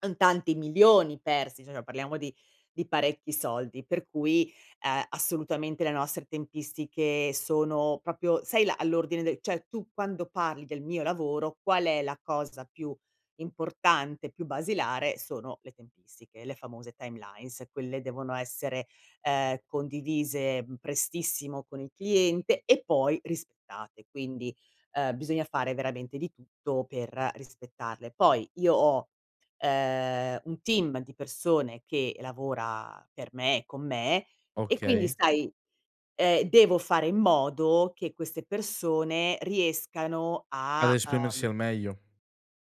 Son tanti milioni persi, cioè parliamo di di parecchi soldi, per cui, uhm, assolutamente le nostre tempistiche sono proprio, sai la all'ordine del cioè tu quando parli del mio lavoro, qual è la cosa più importante, più basilare? Sono le tempistiche, le famose timelines, quelle devono essere, ehm, condivise, mhmm, prestissimo con il cliente e poi rispettate, quindi, uhm, bisogna fare veramente di tutto per rispettarle. Poi io ho ehm un team di persone che lavora per me e con me, e quindi Okay. sai, ehm, devo fare in modo che queste persone riescano Ad a, esprimersi uhm al meglio.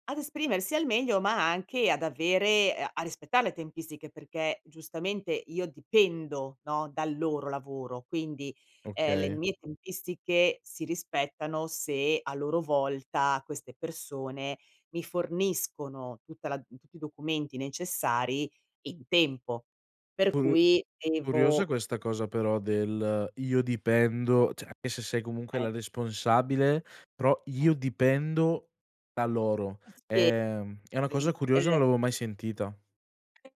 ad esprimersi al meglio, ma anche ad avere a a rispettare le tempistiche, perché giustamente io dipendo, no, dal loro lavoro, quindi, ehm, le Okay. mie tempistiche si rispettano se a loro volta queste persone mi forniscono tutta la tutti i documenti necessari in tempo. Per Curio cui curiosa devo questa cosa però del "io dipendo" cioè anche se sei comunque Eh. la responsabile, però Eh. "io dipendo da loro." Eh sì. Ehm, è una cosa curiosa, non [unintelligible] l'avevo mai sentita. [unintelligible]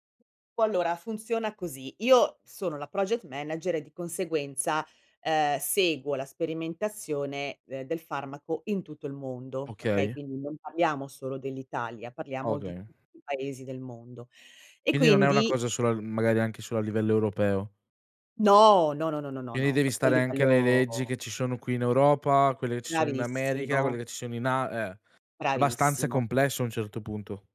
Qu allora funziona così, io sono la project manager e di conseguenza, ehm, seguo la sperimentazione de del farmaco in tutto il mondo, okay? Okay. Quindi non parliamo solo dell'Italia, parliamo di Okay. tutti i paesi del mondo. E Quindi non è una quindi cosa solo al magari anche solo a livello europeo. No, no, no, no, no, no, Quindi no, devi proprio a stare anche alle livello leggi che ci sono qui in Europa, quelle che ci sono in America, quelle Bravissimo. che ci sono in A ah, abbastanza Bravissimo. complesso a un certo punto.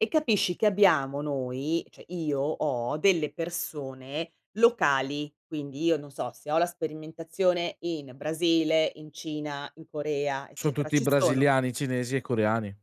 E capisci che abbiamo noi cioè io ho delle persone locali, quindi io, non so, se ho la sperimentazione in Brasile, in Cina, in Corea Son eccetera, tutti ci sono brasiliani, cinesi e coreani.